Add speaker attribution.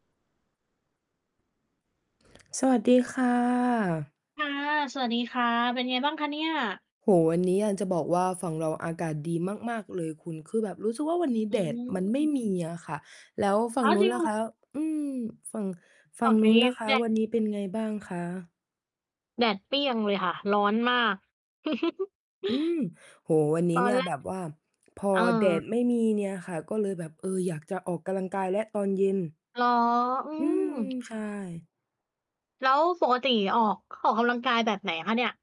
Speaker 1: สวัสดีค่ะ
Speaker 2: ค่ะ สวัสดีค่ะ เป็นไงบ้างคะเนี่ย?
Speaker 1: โอ้โฮ วันนี้ อยากจะบอกว่า ฝั่งเราอากาศดีมาก ๆ เลยคุณ คือแบบรู้สึกว่า วันนี้
Speaker 2: อื
Speaker 1: แดดมันไม่
Speaker 2: ม
Speaker 1: มีอะค่ะ แล้วฝั
Speaker 2: อ
Speaker 1: ่
Speaker 2: ้
Speaker 1: ง
Speaker 2: าว
Speaker 1: นู
Speaker 2: จ
Speaker 1: ้
Speaker 2: ร
Speaker 1: น
Speaker 2: ิง เ
Speaker 1: ล
Speaker 2: ห
Speaker 1: ่
Speaker 2: ร
Speaker 1: ะค
Speaker 2: อ?
Speaker 1: ะ? อืม ฝั่ง ฝ
Speaker 2: ฝ
Speaker 1: ั
Speaker 2: ั
Speaker 1: ่ง
Speaker 2: ่ง
Speaker 1: น
Speaker 2: น
Speaker 1: ู
Speaker 2: ี
Speaker 1: ้น
Speaker 2: ้
Speaker 1: ล่ะ คะ
Speaker 2: แดด
Speaker 1: วันนี้ เป็นไงบ้างคะ?
Speaker 2: แดดเปรี้ยงเลยค่ะ ร้อนมาก
Speaker 1: อืม โอ้โฮ วันนี
Speaker 2: ต
Speaker 1: ้
Speaker 2: อ
Speaker 1: เน
Speaker 2: น
Speaker 1: ี่ย
Speaker 2: แร
Speaker 1: แบ
Speaker 2: ก
Speaker 1: บว่าพอ
Speaker 2: เ
Speaker 1: แดด
Speaker 2: ออ
Speaker 1: ไม่มีเนี่ยค่ะ ก็เลยแบบ เออ อยากจะออกกำลังกายแล้ว ตอนเย็น
Speaker 2: เหรอ? อื
Speaker 1: อืม
Speaker 2: ม
Speaker 1: ใช่
Speaker 2: แล้วปกติออก ออกกำลังกายแบบไหนคะเนี่ย?